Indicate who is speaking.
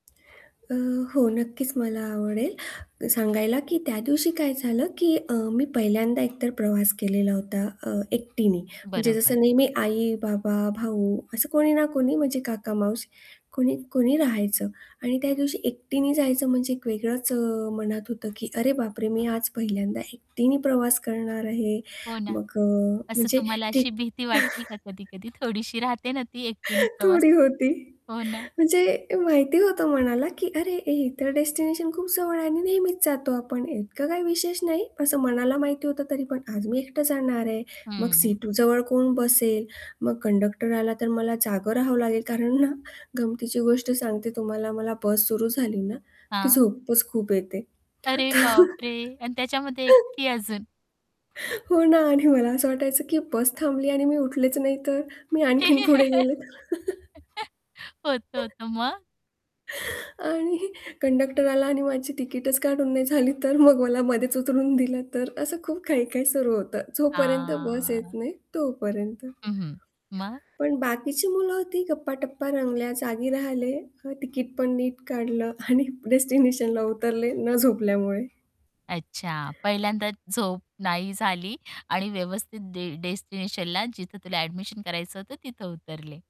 Speaker 1: अ, हो नक्कीच मला आवडेल सांगायला की त्या दिवशी काय झालं की अ, मी पहिल्यांदा एकतर प्रवास केलेला होता अ, एकटीने म्हणजे
Speaker 2: बरोबर.
Speaker 1: जसं नेहमी आई, बाबा, भाऊ, असं कोणी ना कोणी म्हणजे काका माऊशी कोणी, कोणी राहायचं आणि त्या दिवशी एकटीने जायचं म्हणजे एक वेगळंच अ, मनात होतं की "अरे बापरे, मी आज पहिल्यांदा एकटीने प्रवास करणार आहे!"
Speaker 2: हो ना,
Speaker 1: मग अ,
Speaker 2: असं
Speaker 1: म्हणजे
Speaker 2: तुम्हाला
Speaker 1: ती
Speaker 2: अशी भीती वाटली का कधी-कधी? थोडीशी राहते ना ती एकटीने प्रवास
Speaker 1: थोडी होती
Speaker 2: हो ना.
Speaker 1: म्हणजे माहिती होतं मनाला की "अरे हे तर डेस्टिनेशन खूप जवळ आहे आणि नेहमीच जातो आपण इतकं काही विशेष नाही." असं मनाला माहिती होतं तरी पण, "आज मी एकटं जाणार आहे. मग
Speaker 2: हम्म.
Speaker 1: सीटजवळ कोण बसेल? मग कंडक्टर आला तर मला जागं राहावं लागेल." कारण ना, गमतीची गोष्ट सांगते तुम्हाला मला बस सुरू झाली ना, की
Speaker 2: हां.
Speaker 1: झोपच खूप येते.
Speaker 2: अरे
Speaker 1: तर
Speaker 2: बापरे! आणि त्याच्यामध्ये एकटी अजून.
Speaker 1: हो ना आणि मला असं वाटायचं की "बस थांबली आणि मी उठलेच नाही तर? मी आणखीन पुढे गेले तर?
Speaker 2: होतं, होतं. मग?
Speaker 1: आणि कंडक्टर आला आणि माझी तिकीटच काढून नाही झाली तर? मग मला मध्येच उतरून दिलं तर? असं खूप काही-काही सुरू होतं." जोपर्यंत बस येत
Speaker 2: हां.
Speaker 1: नाही तोपर्यंत.
Speaker 2: हं, हं. मग?
Speaker 1: पण बाकीची मुलं होती गप्पाटप्पा रंगल्या, जागी राहिले, अ, तिकीट पण नीट काढलं आणि डेस्टिनेशनला उतरले न झोपल्यामुळे.
Speaker 2: अच्छा. पहिल्यांदाच झोप नाही झाली आणि व्यवस्थित डे डेस्टिनेशनला जिथं तुला ॲडमिशन करायचं होतं तिथं उतरले.